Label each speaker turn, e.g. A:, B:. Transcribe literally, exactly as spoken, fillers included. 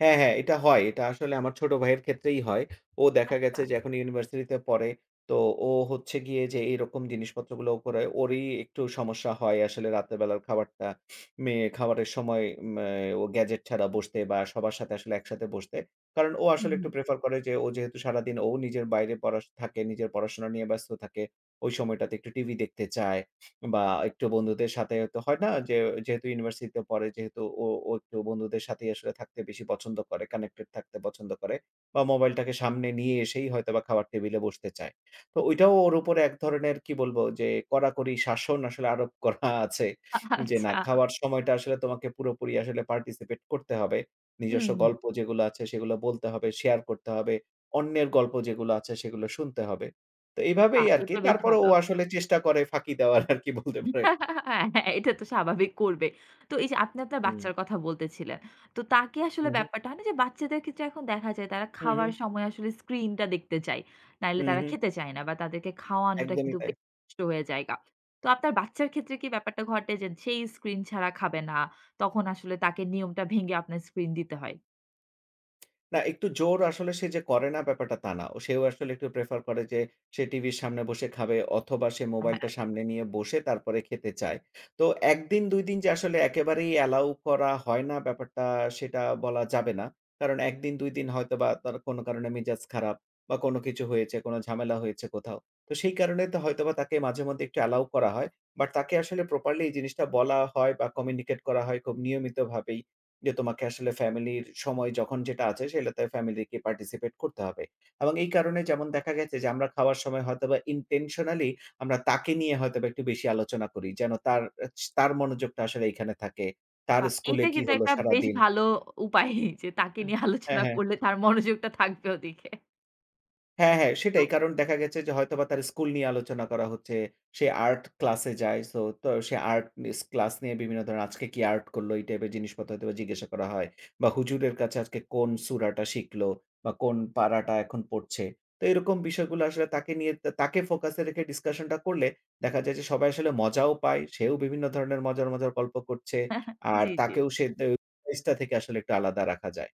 A: হ্যাঁ, হ্যাঁ এটা হয়। এটা আসলে আমার ছোট ভাইয়ের ক্ষেত্রেই হয়। ও দেখা গেছে
B: আচ্ছা।
A: যে এখন ইউনিভার্সিটিতে পড়ে। তো ও হচ্ছে গিয়ে যে এরকম জিনিসপত্র গুলো করে, ওরই একটু সমস্যা হয়। আসলে রাতের বেলার খাবারটা মে খাবারের সময় ম্যা ও গ্যাজেট ছাড়া বসতে বা সবার সাথে আসলে একসাথে বসতে। কারণ ও
B: হুম,
A: আসলে
B: হুম।
A: একটু প্রেফার করে যে ও যেহেতু সারাদিন ও নিজের বাইরে পড়া সু থাকে, নিজের পড়াশোনা নিয়ে ব্যস্ত থাকে। ওই সময়টাতে একটু টিভি দেখতে চায় বা একটু বন্ধুদের সাথে হয়তো হয় না যে, যেহেতু ইউনিভার্সিটিতে পড়ে যেহেতু ও, ও একটু বন্ধুদের সাথেই আসলে থাকতে বেশি পছন্দ করে, connected থাকতে পছন্দ করে বা মোবাইলটাকে সামনে নিয়ে এসেই হয়তোবা খাবার টেবিলে বসতে চায়। তো ঐটাও ওর উপরে এক ধরনের কি বলবো যে কড়াকড়ি শাসন আসলে আরোপ করা আছে। যে, "না
B: আচ্ছা।
A: খাওয়ার সময়টা আসলে তোমাকে পুরোপুরি আসলে participate করতে হবে।
B: হুম,
A: নিজস্ব
B: হুম।
A: গল্প যেগুলা আছে সেগুলা বলতে হবে, শেয়ার করতে হবে। অন্যের গল্প যেগুলা আছে সেগুলো শুনতে হবে।" তো
B: আ
A: এভাবেই আরকি
B: এটা বেশ
A: তারপরেও,
B: ভালো।
A: ও আসলে চেষ্টা করে ফাঁকি দেওয়ার আরকি বলতে পারেন।
B: হ্যাঁ, হ্যাঁ এটা তো স্বাভাবিক করবে। তো এই যে আপনি আপনার
A: হুম।
B: বাচ্চার কথা বলতেছিলেন। তো তাকে আসলে
A: উহু।
B: ব্যাপারটা হয় না যে বাচ্চাদের ক্ষেত্রে এখন দেখা যায়, তারা
A: হু, হু।
B: খাওয়ার সময় আসলে স্ক্রিনটা দেখতে চায়। নাইলে তারা
A: উহু।
B: খেতে চায় না বা তাদেরকে খাওয়ানোটা
A: একদমই
B: কিন্তু
A: তাই।
B: বেশ কষ্ট হয়ে জায়গা। তো আপনার বাচ্চার ক্ষেত্রে কি ব্যাপারটা ঘটে যে, যেই স্ক্রিন ছাড়া খাবে না? তখন আসলে তাকে নিয়মটা ভেঙে আপনার স্ক্রিন দিতে হয়।
A: না, একটু জোর আসলে সে যে করে না ব্যাপারটা তা না। ও সেও আসলে একটু prefer করে যে সে টিভির সামনে বসে খাবে অথবা সে
B: অ্যা হ্যাঁ।
A: মোবাইলটা সামনে নিয়ে বসে তারপরে খেতে চায়। তো এক দিন, দুই দিন যে আসলে একেবারেই অ্যালাও করা হয় না ব্যাপারটা সেটা বলা যাবে না। কারণ এক দিন, দুই হয়তোবা তার কোন কারণে মেজাজ খারাপ বা কোন কিছু হয়েছে, কোন ঝামেলা হয়েছে কোথাও। তো সেই কারণেই তো হয়তোবা তাকে মাঝে মধ্যে একটু অ্যালাও করা হয়। বাট তাকে আসলে properly এই জিনিসটা বলা হয় বা communicate করা হয় খুব নিয়মিতভাবেই যে, "তোমাকে আসলে ফ্যামিলির সময় যখন যেটা আছে সেইলাতে ফ্যামিলিকে participate করতে হবে।" এবং এই কারণে যেমন দেখা গেছে যে আমরা খাওয়ার সময় হয়তোবা intentionally আমরা তাকে নিয়ে হয়তোবা একটু বেশি আলোচনা করি। যেন তার অ্যা চি তার মনোযোগটা আসলে এখানে থাকে। তার
B: আ
A: স্কুলে
B: এটা
A: কি
B: কিন্তু
A: হলো
B: একটা বেশ
A: সারাদিন।
B: ভালো অ উপায়। যে তাকে নিয়ে
A: হ্যাঁ,
B: আলোচনা
A: হ্যাঁ।
B: করলে তার মনোযোগটা থাকবে ওদিকে।
A: হ্যাঁ, হ্যাঁ
B: তো
A: সেটাই কারণ দেখা গেছে যে হয়তোবা তার স্কুল নিয়ে আলোচনা করা হচ্ছে। সে আর্ট ক্লাসে যায় সো তো সে আর্ট মিস ক্লাস নিয়ে বিভিন্ন ধরনের আজকে কি আর্ট করলো, এই টাইপের জিনিসপত্র হয়তোবা জিজ্ঞাসা করা হয়। বা হুজুরের কাছে আজকে কোন সুরাটা শিখল বা কোন পাড়াটা এখন পড়ছে। তো এরকম বিষয়গুলো আসলে তাকে নিয়ে তা তাকে focus এ রেখে discussion টা করলে দেখা যায় যে সবাই আসলে মজাও পায়। সেও বিভিন্ন ধরনের মজার, মজার গল্প করছে। আর
B: জি, জি।
A: তাকেও সে দে ফেসটা থেকে আসলে একটু আলাদা রাখা যায়।